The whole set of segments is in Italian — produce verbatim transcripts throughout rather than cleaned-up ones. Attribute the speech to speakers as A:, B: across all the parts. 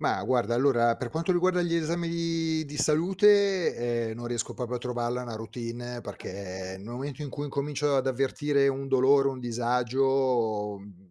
A: Mah, guarda, allora per quanto riguarda gli esami di di salute, ehm, non riesco popo a trovarla una routine
B: [unintelligible]
A: perché nel momento in cui incomincio ad avvertire un dolore, un disagio, mhmm,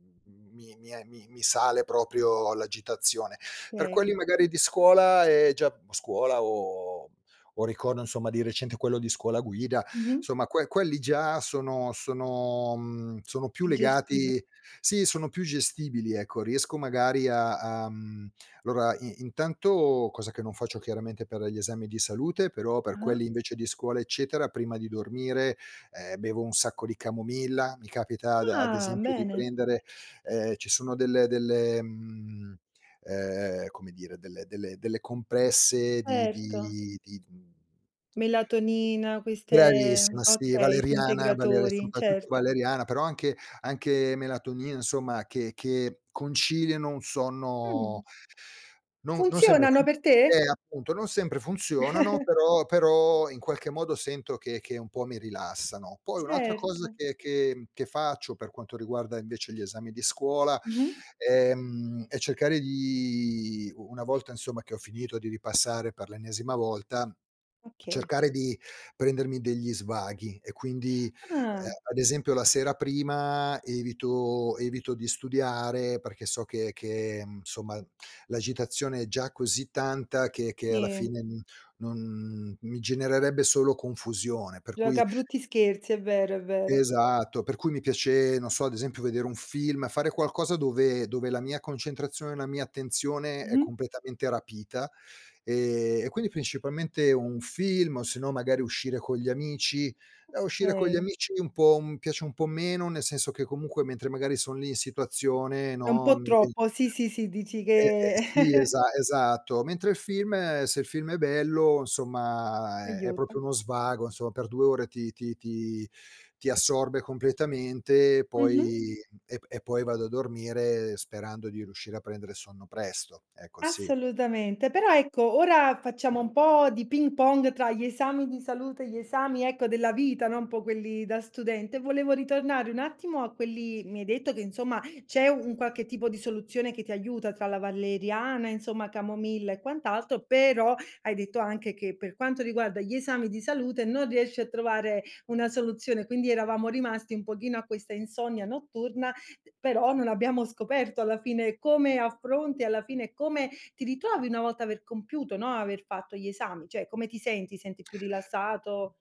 A: mi mi e mi mi sale proprio l'agitazione. Per
B: kay.
A: quelli magari di scuola è già scuola o o ricordo insomma di recente quello di scuola guida,
B: Mh-mh.
A: insomma que quelli già sono sono mhmm, sono più
B: Più gestibi
A: legati sì, sono più gestibili, ecco. Riesco magari a a mhmm, lora i intanto cosa che non faccio chiaramente per gli esami di salute, però per
B: Ah-ah.
A: quelli invece di scuola eccetera prima di dormire, ehm, bevo un sacco di camomilla, mi capita ad ad
B: Ah!
A: esempio di
B: Bene.
A: prendere, ehm, ci sono delle delle mhmm, ehm, come dire, delle delle delle compresse di
B: Erto.
A: di di d mhmm
B: Melatonina, queste
A: Bravissima, sì,
B: okay, sì,
A: valeriana, valere
B: integratori,
A: soprattutto
B: certo.
A: valeriana però anche anche melatonina, insomma che che conciliano un sonno
B: Mh.
A: non non sempre
B: Funzionano
A: fu
B: per te?
A: eh, appunto, non sempre funzionano, però però in qualche modo sento che che un po' mi rilassano. Poi un'altra cosa
B: Certo.
A: che che mhmm, che faccio per quanto riguarda invece gli esami di scuola,
B: Mh-mh.
A: ehm, è cercare di u una volta insomma che ho finito di ripassare per l'ennesima volta,
B: Okay.
A: cercare di prendermi degli svaghi e quindi, ehm,
B: Ah.
A: ad esempio la sera prima evito evito di studiare perché so che che, insomma, l'agitazione è già così tanta che che alla
B: Sì.
A: fine, mhmm, non mi genererebbe solo confusione. Per cui
B: Gioca brutti scherzi, è vero, è vero.
A: Esatto, per cui mi piace, non so, ad esempio vedere un film, fare qualcosa dove dove la mia concentrazione, la mia attenzione è
B: Mh-mh.
A: completamente rapita, ehm, e quindi principalmente un film o sennò magari uscire con gli amici. Ehm, uscire con gli
B: Okay.
A: amici un po' mi piace un po' meno, nel senso che comunque mentre magari son lì in situazione,
B: È un
A: no,
B: po'
A: mhmm [unintelligible]
B: troppo, sì, sì ,sì, dici
A: E e
B: che
A: sì, esa esatto. Mentre il film se il film è bello, insomma è è
B: Aiuta.
A: proprio uno svago, insomma per due ore ti ti ti ti assorbe completamente e
B: Mh-mh.
A: poi e p e poi vado a dormire, sperando di riuscire a prendere sonno presto. Ecco, sì.
B: Assolutamente, però ecco ora facciamo un po' di ping pong tra gli esami di salute e gli esami ecco della vita, no. Un po' quelli da studente, volevo ritornare un attimo a quelli Mi hai detto che insomma c'è un qualche tipo soluzione che ti aiuta tra la valeriana, insomma, camomilla e quant'altro, però hai detto anche che per quanto riguarda gli esami di salute non riesci a trovare una soluzione, quindi eravamo rimasti un pochino a questa insonnia notturna, però non abbiamo scoperto alla fine come affronti, alla fine come ti ritrovi una volta aver compiuto no, aver fatto gli esami, cioè come ti senti? Ti senti più rilassato?